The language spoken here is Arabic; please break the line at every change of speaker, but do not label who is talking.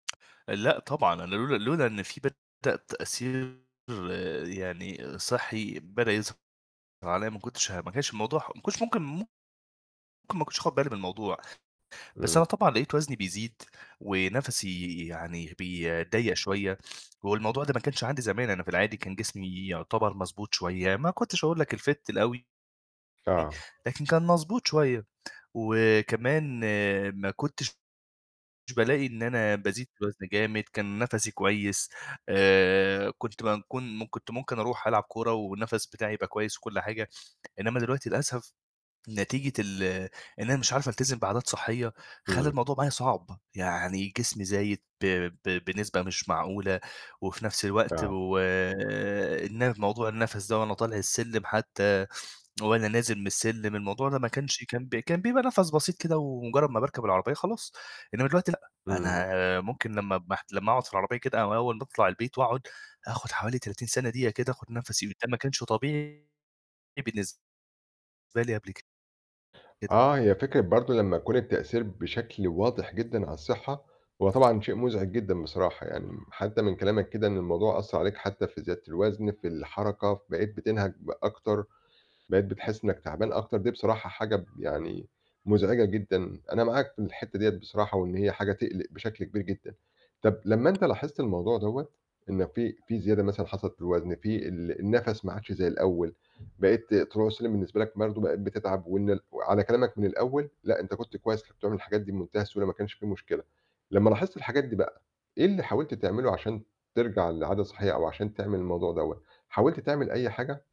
لأ، طبعًا أنا لولا لولا إن في بدأ تأثير يعني صحّي بدأ يظهر عليّا ما كنتش ه ما كانش الموضوع ح ما كنش ممكن ممكن ما كنتش آخُد بالي من الموضوع، بس
إمم.
أنا طبعًا لقيت وزني بيزيد ونَفَسي يعني بي ضيّق شويّة هو الموضوع ده ما كانش عندي زمان، أنا في العادي كان جسمي يُعتبر مضبوط شويّة ما كنتش أقول لك الfit الأوي.
آه.
لكن كان مضبوط شويّة وكمان ما كنتش بالاقي إن أنا بازيد في الوزن جامد، كان نَفَسي كويّس آآ، كنت بم كون م كنت ممكن أروح ألعب كورة والنَفَس بتاعي يبقى كويّس وكل حاجة، إنّما دلوقتي للأسف نتيجة ال إن أنا مش عارف ألتزم بعادات صحّية خلّى
إمم.
الموضوع معايا صعب، يعني جسمي زايد ب ب بنسبة مش معقولة، وفي نَفْس الوقت
آه.
و الن موضوع النَفَس ده وأنا طالع السلِّم حتّى وأنا نازل من السلِّم الموضوع ده ما كانش كان ب كان بيبقى نَفَس بسيط كده ومجرّد ما باركب العربيّة خلاص، إنّما دلوقتي لأ،
إمم.
أنا ممكن لمّا محت لمّا أقعُد في العربيّة كده أو أوّل باطلع البيت وأقعُد آخُد حوالي 30 ثانية دقيقة كده آخُد فده نَفَسي، وده ما كانش طبيعي بالنسبة لي قبل كده.
آه، هي فكرة برضه لمّا يكون التأثير بشكل واضح جدًا على الصحّة، هو طبعًا شيء مُزعج جدًا بصراحة يعني، م حتّى من كلامك كده إن الموضوع أثّر عليك حتّى في زيادة الوزن في الحركة ف بقيت بتنهَج ب أكتر، بقيت بتحس إنّك تعبان أكتر، دي بصراحة حاجة ب يعني مُزعجة جدًا أنا معاك في الحتّة دِيّة بصراحة، وإن هي حاجة تقلق بشكل كبير جدًا. طَب لمّا أنت لاحِظت الموضوع دَوّة، إن في في زيادة مثلًا حصلت في الوزن في ال النَفَس ما عادش زي الأوّل، بقيت طلوع سلِّم بالنسبة لك برضه بقيت بتتعب وإن ال وعلى كلامك من الأوّل لأ، أنت كنت كويّس، كنت بتعمل الحاجات دي بمنتهى السهولة ما كانش في مشكلة، لمّا لاحظت الحاجات دي بقى إيه اللي حاولت تعمله عشان ترجع لعادة صحّية أو عشان تعمل الموضوع دَوّة، حاولت تعمل أي حاجة؟